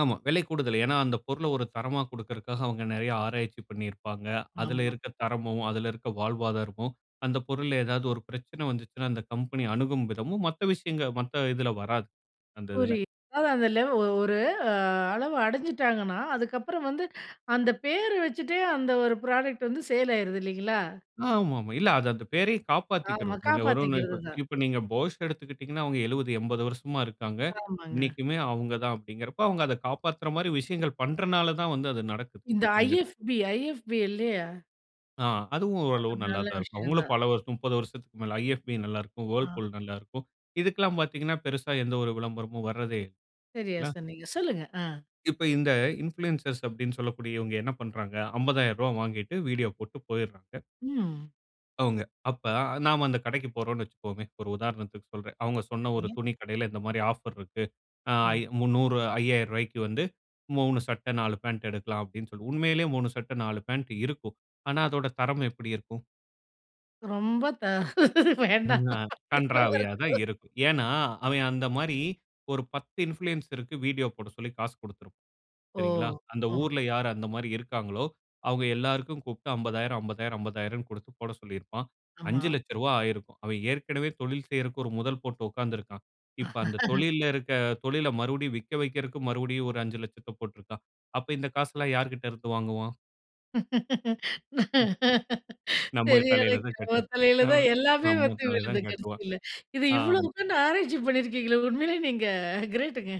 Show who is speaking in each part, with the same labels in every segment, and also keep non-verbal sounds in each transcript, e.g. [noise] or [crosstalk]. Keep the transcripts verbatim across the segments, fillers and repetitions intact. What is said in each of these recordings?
Speaker 1: ஆமா. விலை கூடுதல். ஏனா, அந்த பொருள ஒரு தரமா குடுக்கிறக்காக அவங்க நெறைய ஆராய்ச்சி பண்ணியிருப்பாங்க. அதில
Speaker 2: ஆமா.
Speaker 1: இருக்க தரமும், அதில இருக்க வாழ்வாதாரமும் அந்த பொருள்ல ஏதாவது ஒரு பிரச்சனை வந்துச்சுனா, அந்த கம்பெனி அணுகும் விதமும் மத்த விஷயங்க மத்த இதில வராது. அந்த இதில.
Speaker 2: புரியுது. அதாவதுல ஓ ஒரு அளவு அடைஞ்சுட்டாங்கன்னா, அதுக்கப்புறம் வந்து அந்த பேர் வச்சுட்டே அந்த ஒரு ப்ராடக்ட் வந்து சேல் ஆயிருது இல்லைங்களா?
Speaker 1: ஆமாம்மா. இல்ல அது அந்த பெயரையும்
Speaker 2: ஆமா,
Speaker 1: காப்பாத்திக்கணும். இங்க ஒரு
Speaker 2: காப்பாத்திக்கிறது தான்.
Speaker 1: இப்ப நீங்க Bosch எடுத்துக்கிட்டீங்கனா, அவங்க எழுவது, எம்பது வருஷமா இருக்காங்க.
Speaker 2: ஆமங்க.
Speaker 1: இன்னைக்குமே அவங்க தான் அப்டிங்கிறப்ப அவங்க அத காப்பாத்துற மாரி விஷயங்கள் பண்றனால தான் வந்து அது நடக்குது.
Speaker 2: இந்த
Speaker 1: அங்க,
Speaker 2: IFB, IFB இல்லையா?
Speaker 1: ஆ, அதுவும் ஓரளவு
Speaker 2: அது
Speaker 1: நல்லா
Speaker 2: நல்ல
Speaker 1: தான் இருக்கும்.
Speaker 2: விஷயம்
Speaker 1: அவங்களும்
Speaker 2: தான்.
Speaker 1: பல வருஷம், முப்பது வருஷத்துக்கு மேல IFB நல்லா இருக்கும்.
Speaker 2: ஆ.
Speaker 1: Whirlpool நல்லா இருக்கும். இதுக்கெல்லாம் பார்த்தீங்கனா, பெருசா எந்த ஒரு விளம்பரமும் வர்றதே இல்ல.
Speaker 2: சரியா,
Speaker 1: இல்லா
Speaker 2: சொன்னீங்க. சொல்லுங்க. அ.
Speaker 1: இப்ப இந்த இன்ஃப்ளூயன்சர்ஸ் அப்டின்னு சொல்லக்கூடியவங்க என்ன பண்றாங்க? அம்பாதயிரூபாவ வாங்கிட்டு வீடியோ போட்டு போயிட்றாங்க.
Speaker 2: ம்.
Speaker 1: அவுங்க. அப்ப நாம அந்த கடைக்கு போறோன்னு வச்சுக்குவோமே ஒரு உதாரணத்துக்கு சொல்றேன். அவங்க சொன்ன ஒரு
Speaker 2: சரி.
Speaker 1: துணி கடையில இந்த மாரி ஆஃபர் இருக்கு. ஆ
Speaker 2: ஆ.
Speaker 1: இ முந்நூறு அய்யாயிரம் ரூவாய்க்கு வந்து மூணு சட்ட, நாலு பாண்ட் எடுக்கலாம் அப்டின்னு சொல்லி உண்மையிலே மூணு சட்டை, நாலு பாண்ட் இருக்கும். ஆனா அதோட தரம் எப்டி இருக்கும்?
Speaker 2: ரொம்ப தா வேண்டா
Speaker 1: ம்ஹ, கண்றாவியா தான் இருக்கும்.
Speaker 2: [unintelligible]
Speaker 1: ஏனா, அவன் அந்த மாரி ஒரு பத்து இன்ஃப்ளூயன்ஸ்ருக்கு வீடியோ போட சொல்லி காசு குடுத்திருப்பான்.
Speaker 2: ஓ!
Speaker 1: சரிங்களா? அந்த
Speaker 2: ஆ.
Speaker 1: ஊர்ல யார் அந்த மாரி இருக்காங்களோ, அவங்க எல்லாருக்கும் கூப்பிட்டு அம்பதாயிரம் அம்பதாயிரம் அம்பதாயிரம் குடுத்து போட சொல்லியிருப்பான்.
Speaker 2: ஆமா.
Speaker 1: அஞ்சு லட்சரூபா ஆயிருக்கும். அவன் ஏற்கனவே தொழில் செய்றக்கு ஒரு முதல் போட்டு உட்கார்ந்திருக்கான். இப்ப அந்த
Speaker 2: [laughs]
Speaker 1: தொழில்ல இருக்க தொழில மறுபடியும் விக்க வெக்கிறக்கு மறுபடியும் ஒரு அஞ்சு லட்சத்த போட்டுருக்கான். அப்ப இந்த காசெல்லாம் யார்கிட்ட இருந்து வாங்குவான்? ம். நம்ம தலையில தான் கட்ட
Speaker 2: தெரியாதவங்கத்தலையில
Speaker 1: நம்
Speaker 2: தான் எல்லாமே
Speaker 1: நம்ம
Speaker 2: வந்து
Speaker 1: தலையில
Speaker 2: விழுது
Speaker 1: தான் கட்டுவான்.
Speaker 2: கடைசில. இது இவ்வளோ
Speaker 1: ஆமா.
Speaker 2: உக்காந்து ஆராய்ச்சி பண்ணிருக்கீங்களே உண்மையிலே நீங்க கிரேட்டுங்க.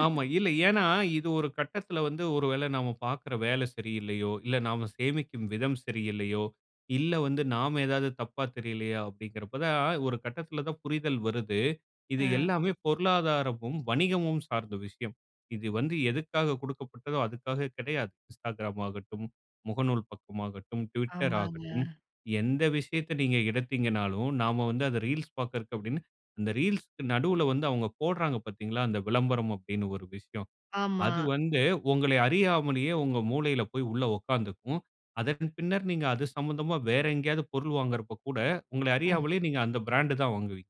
Speaker 1: ஆமா, இல்ல. ஏனா, இது ஒரு கட்டத்தில வந்து ஒரு வேள நாம பார்க்குற வேலை சரியில்லயோ, இல்ல நாம சேமிக்கும் விதம் சரியில்லையோ, இல்ல வந்து நாம ஏதாவது தப்பா தெரியலயா. அப்டிங்கிறப்ப தான் ஒரு கட்டத்தில தான் புரிதல் வருது. இது
Speaker 2: ஆ.
Speaker 1: எல்லாமே பொருளாதாரமும், வணிகமும் சார்ந்த விஷயம். இது வந்து எதுக்காக குடுக்கப்பட்டதோ அதுக்காக கெடையாது. Instagram ஆகட்டும், முகநூல் பக்கமாகட்டும், Twitter
Speaker 2: ஆமாங்க.
Speaker 1: ஆகட்டும், எந்த விஷயத்த நீங்க எடுத்தீங்கனாலும் நாம வந்து அத ரீல்ஸ் பாக்ரக்கு அப்டின்னு அந்த ரீல்ஸ்க்கு நடுல வந்து அவங்க போடுறாங்க பார்த்தீங்களா? அந்த விளம்பரம் அப்டின்னு ஒரு விஷயம்.
Speaker 2: ஆமா.
Speaker 1: அது வந்து உங்களை அறியாமலே உங்க மூளையில போய் உள்ள உட்கார்ந்துக்கும். அதன் பின்னர் நீங்க அது சம்பந்தமா வேற எங்கேயாவது பொருள் வாங்குறப்ப கூட உங்கள
Speaker 2: ஆ.
Speaker 1: அறியாமலேயே நீங்க அந்த பிராண்ட் தான் வாங்குவீங்க.